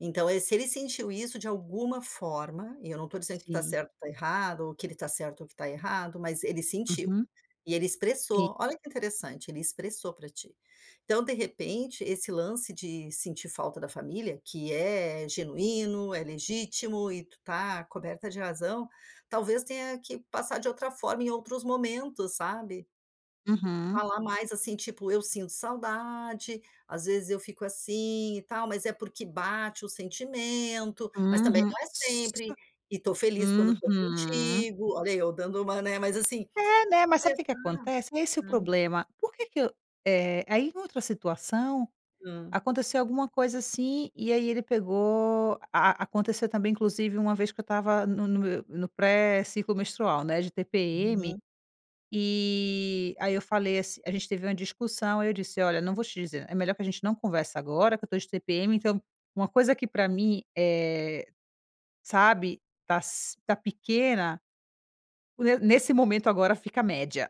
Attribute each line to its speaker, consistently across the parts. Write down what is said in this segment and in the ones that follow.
Speaker 1: Então, eh, se ele sentiu isso, de alguma forma, e eu não tô dizendo que tu tá
Speaker 2: Sim.
Speaker 1: certa ou tá errada, ou que ele tá certo, ou que tá errado, mas ele sentiu.
Speaker 2: Uhum.
Speaker 1: E, ele
Speaker 2: Si
Speaker 1: expressou. Olha que interessante, ele expressou pra ti. Então, de repente, esse lance de sentir falta da família, que é genuíno, é legítimo e tu tá coberta de razão, talvez tenha que passar de outra forma, em outros momentos, sabe.
Speaker 2: Uhum.
Speaker 1: Falar mais, assim, tipo: "Eu sinto saudade. Às vezes eu fico assim e tal, mas, é porque bate o sentimento. Mas, também
Speaker 2: Uhum.
Speaker 1: não é sempre.
Speaker 2: Sô
Speaker 1: E tô feliz quando tô
Speaker 2: Uhum.
Speaker 1: contigo.". Olha, eu dando uma, né, mas, assim,
Speaker 2: É, né, mas sabe o que que
Speaker 1: expressar
Speaker 2: acontece? É esse o
Speaker 1: a
Speaker 2: problema, por que que eu, eh, aí em outra situação
Speaker 1: Hã.
Speaker 2: aconteceu alguma coisa assim, e aí ele pegou, a aconteceu também inclusive uma vez que eu estava no no me no pré ciclo menstrual, né, de TPM,
Speaker 1: Aham.
Speaker 2: eh, aí, eu falei ass a gente teve uma discussão, aí, eu disse: "Olha, não vou te dizer é melhor que a gente não converse agora que eu tô de TPM, então, uma coisa que pra mim, eh, sabe, tá si tá pequena, o ne nesse momento agora, fica média,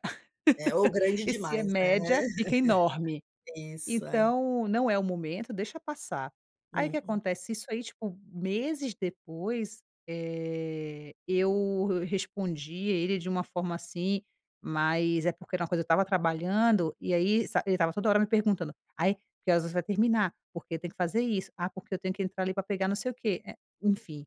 Speaker 1: É. Ou grande
Speaker 2: e se é
Speaker 1: demais, né.
Speaker 2: média, fica enorme.
Speaker 1: Isso. É.
Speaker 2: Então, não é o momento, deixa passar.". Aí, o que
Speaker 1: Hum.
Speaker 2: acontece, isso aí, tipo, meses depois, eh, eu re respondi ele de uma forma, assim, mas, é porque era uma coisa eu estava trabalhando e aí, sa ele estava toda hora me perguntando: "Ai, que horas você vai terminar? Porque, tem que fazer isso. Ah, porque eu tenho que entrar ali para pegar não sei o quê", eh, enfim.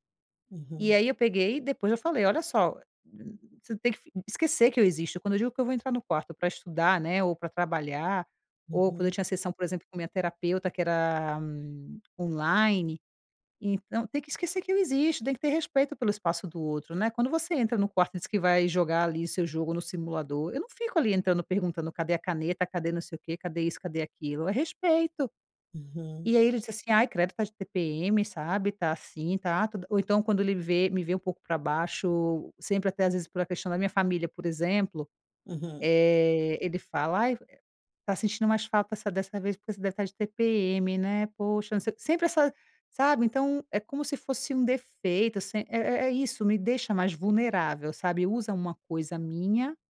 Speaker 2: E
Speaker 1: Uhum.
Speaker 2: aí, eu peguei e depois eu falei: "Olha só, eh, [unintelligible] você não tem que fi esquecer que eu existo. Quando eu digo que eu vou entrar no quarto pra estudar, né, ou pra trabalhar, ou quando eu
Speaker 1: Uhum.
Speaker 2: tinha sessão, por exemplo, com minha terapeuta que era, hum, online. Então, tem que esquecer que eu existo. Tem que ter respeito pelo espaço do outro, né. Quando você entra no quarto diz que vai jogar ali, o seu jogo no simulador, eu não fico ali entrando, perguntando: "Cadê a caneta, cadê não sei o quê, cadê isso, cadê aquilo". É respeito!"
Speaker 1: Uhum.
Speaker 2: E, aí ele disse assim: "Ai, credo, tá de TPM", sabe, "Tá assim, tá", todo ou então, quando ele vê me vê um pouco pra baixo, sempre, até às vezes, por a questão da minha família, por exemplo,
Speaker 1: Uhum.
Speaker 2: eh, ele fala: "Ai fo, [unintelligible] tá sentindo mais falta de dessa vez porque você deve tá de TPM, né? Poxa, não se", sempre essa, sabe, então, é como se fosse um defeito assim é é é isso, me deixa mais vulnerável, sabe, usa uma coisa minha